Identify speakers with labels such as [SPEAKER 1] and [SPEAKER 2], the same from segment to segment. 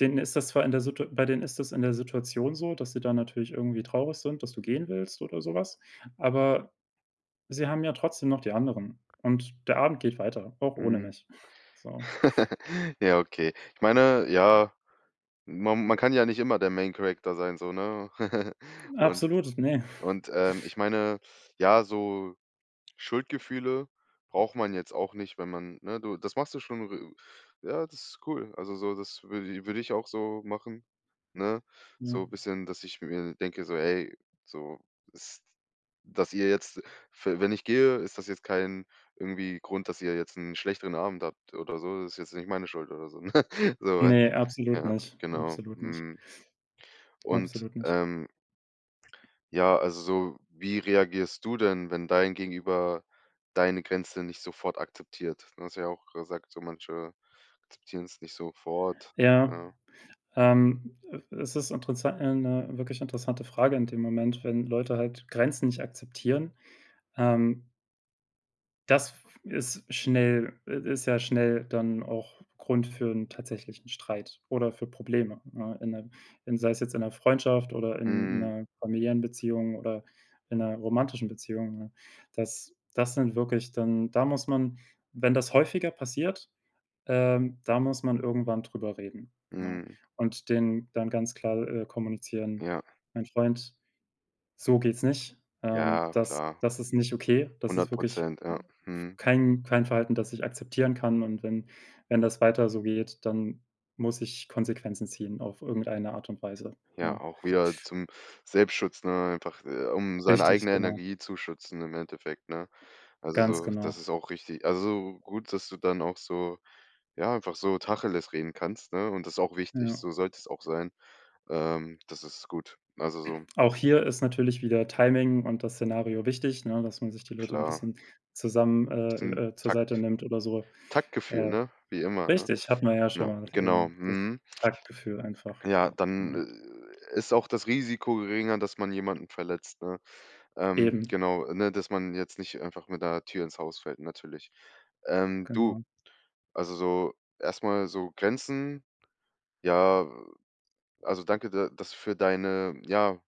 [SPEAKER 1] Denen ist das zwar in der Situa bei denen ist das in der Situation so, dass sie da natürlich irgendwie traurig sind, dass du gehen willst oder sowas, aber sie haben ja trotzdem noch die anderen und der Abend geht weiter, auch ohne
[SPEAKER 2] Mhm.
[SPEAKER 1] mich, so.
[SPEAKER 2] Ja, okay. Ich meine, ja, man man kann ja nicht immer der main Character sein, so, ne? Und
[SPEAKER 1] Absolut, ne.
[SPEAKER 2] und, ähm, ich meine, ja, so Schuldgefühle braucht man jetzt auch nicht, wenn man ne? Du, das machst du schon r ja, das ist cool. Also, so, das würde i würde ich auch so machen, ne?
[SPEAKER 1] Hm.
[SPEAKER 2] So bisschen, dass ich mir denke, so: „Ey, so, ist dass ihr jetzt, f wenn ich gehe, ist das jetzt kein irgendwie Grund, dass ihr jetzt 'n schlechteren Abend habt oder so, das ist jetzt nicht meine Schuld" oder so, ne? So weißt
[SPEAKER 1] Ne,
[SPEAKER 2] du?
[SPEAKER 1] absolut
[SPEAKER 2] Ja,
[SPEAKER 1] nicht.
[SPEAKER 2] genau,
[SPEAKER 1] Absolut nicht.
[SPEAKER 2] mhm. Und,
[SPEAKER 1] Absolut nicht.
[SPEAKER 2] ähm ja, also, so wie reagierst du denn, wenn dein Gegenüber deine Grenze nicht sofort akzeptiert? Ne, du hast ja auch gesagt, so manche akzeptieren's nicht sofort,
[SPEAKER 1] Ja,
[SPEAKER 2] ne?
[SPEAKER 1] ähm, e es ist interessant ja, 'ne wirklich interessante Frage in dem Moment, wenn Leute halt Grenzen nicht akzeptieren. Ähm Das f ist schnell i ist ja schnell dann auch Grund für 'n tatsächlichen Streit oder für Probleme, ne, in 'ne in sei es jetzt in 'ner Freundschaft oder in
[SPEAKER 2] Mhm.
[SPEAKER 1] 'ner familiären Beziehung oder in 'ner romantischen Beziehung, ne? Das das sind wirklich dann da muss man wenn das häufiger passiert, ähm, da muss man irgendwann drüber reden, ne?
[SPEAKER 2] Mhm.
[SPEAKER 1] Und denen dann ganz klar, äh, kommunizieren:
[SPEAKER 2] Ja.
[SPEAKER 1] „Mein Freund, so geht's nicht. Ähm,
[SPEAKER 2] Ja,
[SPEAKER 1] das
[SPEAKER 2] klar.
[SPEAKER 1] das ist nicht okay, das ist
[SPEAKER 2] hundert
[SPEAKER 1] wirklich
[SPEAKER 2] Prozent, ja.
[SPEAKER 1] m f
[SPEAKER 2] Mhm.
[SPEAKER 1] kein kein Verhalten, das ich akzeptieren kann und wenn wenn das weiter so geht, dann muss ich Konsequenzen ziehen auf irgendeine Art und Weise“,
[SPEAKER 2] Ja,
[SPEAKER 1] ne?
[SPEAKER 2] auch wieder zum Selbstschutz, ne, einfach, äh, um seine
[SPEAKER 1] Richtig,
[SPEAKER 2] eigene
[SPEAKER 1] genau.
[SPEAKER 2] Energie zu schützen im Endeffekt, ne? Also,
[SPEAKER 1] Ganz
[SPEAKER 2] so das
[SPEAKER 1] genau.
[SPEAKER 2] ist auch richtig. Also, gut, dass du dann auch so, ja, einfach so Tacheles reden kannst, ne? Und das ist auch wichtig,
[SPEAKER 1] Ja.
[SPEAKER 2] so sollte es auch sein. Ähm, das ist gut. Also, so ne?
[SPEAKER 1] Auch hier ist natürlich wieder Timing und das Szenario wichtig, ne, dass man sich die Leute 'n
[SPEAKER 2] Klar.
[SPEAKER 1] bisschen zusammen äh,
[SPEAKER 2] Bisschen
[SPEAKER 1] äh, äh, zur
[SPEAKER 2] Tak
[SPEAKER 1] Seite nimmt oder so.
[SPEAKER 2] Taktgefühl,
[SPEAKER 1] Äh,
[SPEAKER 2] ne, wie immer, ne?
[SPEAKER 1] richtig, hat man ja schon
[SPEAKER 2] Ne, genau,
[SPEAKER 1] [unintelligible] das
[SPEAKER 2] mhm.
[SPEAKER 1] Taktgefühl einfach,
[SPEAKER 2] Ja, dann,
[SPEAKER 1] ne?
[SPEAKER 2] äh, äh, ist auch das Risiko geringer, dass man jemanden verletzt, ne? Ähm,
[SPEAKER 1] Eben.
[SPEAKER 2] genau, ne, dass man jetzt nicht einfach mit 'ner Tür ins Haus fällt natürlich. Ähm, du
[SPEAKER 1] Genau
[SPEAKER 2] also, so erst mal so, Grenzen, ja, also danke, da das für deine ja,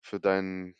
[SPEAKER 2] für deinen